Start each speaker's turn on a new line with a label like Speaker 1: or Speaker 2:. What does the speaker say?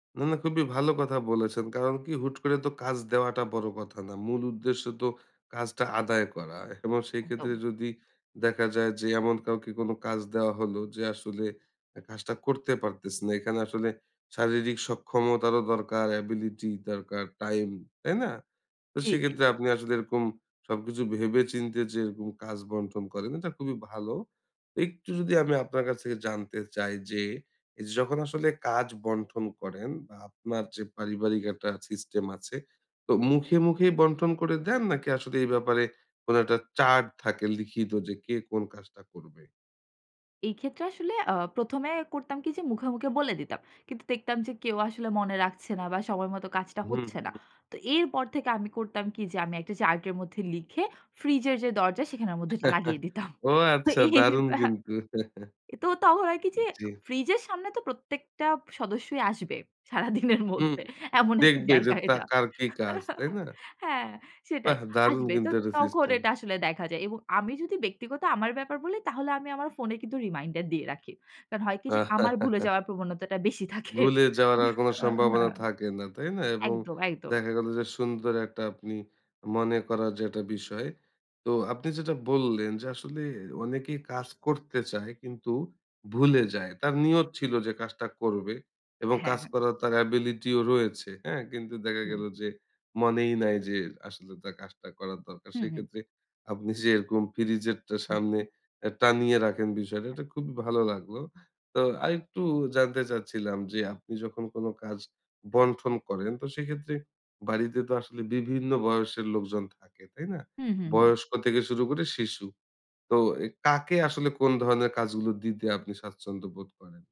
Speaker 1: না, না খুবই ভালো কথা বলেছেন। কারণ কী? হুট করে তো কাজ দেওয়াটা বড় কথা না। মূল উদ্দেশ্য তো কাজটা আদায় করা এবং সেই ক্ষেত্রে
Speaker 2: একদম।
Speaker 1: যদি দেখা যায় যে এমন কাউকে কোন কাজ দেওয়া হলো যে আসলে কাজটা করতে পারতেছে না। এখানে আসলে শারীরিক সক্ষমতারও দরকার, অ্যাবিলিটি দরকার, টাইম, তাই না? তো
Speaker 2: জ্বী, জ্বী।
Speaker 1: সেক্ষেত্রে আপনি আসলে এরকম সবকিছু ভেবে চিন্তে যে এরকম কাজ বন্টন করেন এটা খুবই ভালো। একটু যদি আমি আপনার কাছ থেকে জানতে চাই যে, এইযে যখন আসলে কাজ বন্টন করেন বা আপনার যে পারিবারিক একটা সিস্টেম আছে, তো মুখে মুখেই বন্টন করে দেন নাকি আসলে এই ব্যাপারে কোন একটা চার্ট থাকে লিখিত যে কে কোন কাজটা করবে?
Speaker 2: এই ক্ষেত্রে আসলে আ ১ম এ করতাম কি যে মুখে মুখে বলে দিতাম। কিন্তু দেখতাম যে কেউ আসলে মনে রাখছে না বা সময় মত কাজটা
Speaker 1: হুম,
Speaker 2: হচ্ছে না।
Speaker 1: হুম।
Speaker 2: তো এরপর থেকে আমি করতাম কি যে, আমি একটা চার্টের মধ্যে লিখে ফ্রিজের যে দরজা সেখানের মধ্যে এটা লাগিয়ে দিতাম।
Speaker 1: ও আচ্ছা,
Speaker 2: এই
Speaker 1: দারুণ
Speaker 2: আ
Speaker 1: কিন্তু।
Speaker 2: তো, তখন আর কি যে,
Speaker 1: জ্বী।
Speaker 2: ফ্রিজের সামনে তো প্রত্যেকটা সদস্যই আসবে। সারাদিনের
Speaker 1: হুম,
Speaker 2: মধ্যে এমন একটা
Speaker 1: দেখবে যে
Speaker 2: জায়গা
Speaker 1: তা
Speaker 2: এটা।
Speaker 1: কার কি কাজ, তাই না?
Speaker 2: হ্যাঁ, সেটাই,
Speaker 1: বাহ! দারুণ
Speaker 2: আসবে। তো
Speaker 1: কিন্তু এটা
Speaker 2: তখন
Speaker 1: সিস্টেম।
Speaker 2: এটা আসলে দেখা যায় এবং আমি যদি ব্যক্তিগত আমার ব্যাপার বলি, তাহলে আমি আমার ফোনে কিন্তু রিমাইন্ডার দিয়ে রাখি। কারণ হয় কি যে, আমার ভুলে যাওয়ার প্রবণতাটা বেশি থাকে।
Speaker 1: ভুলে যাওয়ার আর কোনো
Speaker 2: হ অ
Speaker 1: সম্ভাবনা থাকে না, তাই না? এবং
Speaker 2: একদম একদম।
Speaker 1: দেখা গেল যে সুন্দর একটা আপনি মনে করা যেটা বিষয়। তো আপনি যেটা বললেন যে, আসলে অনেকেই কাজ করতে চায় কিন্তু ভুলে যায়। তার নিয়ত ছিল যে কাজটা করবে এবং
Speaker 2: অ্যাহে
Speaker 1: কাজ
Speaker 2: হ্যাঁ।
Speaker 1: করার তার অ্যাবিলিটি ও রয়েছে, হ্যাঁ? কিন্তু দেখা
Speaker 2: হুম।
Speaker 1: গেল যে মনেই নাই যে আসলে তার কাজটা করার দরকার।
Speaker 2: হুম, হুম।
Speaker 1: সেক্ষেত্রে আপনি যেরকম ফ্রিজের টা সামনে এ টানিয়ে রাখেন বিষয়টা এটা খুবই ভালো লাগলো। তো, আরেকটু জানতে চাচ্ছিলাম যে, আপনি যখন কোন কাজ বন্টন করেন, তো সেক্ষেত্রে বাড়িতে তো আসলে বিভিন্ন বয়সের লোকজন থাকে, তাই না?
Speaker 2: উম হুম, হুম।
Speaker 1: বয়স্ক থেকে শুরু করে শিশু। তো এ কাকে আসলে কোন ধরনের কাজগুলো দিতে আপনি স্বাচ্ছন্দ্য বোধ করেন?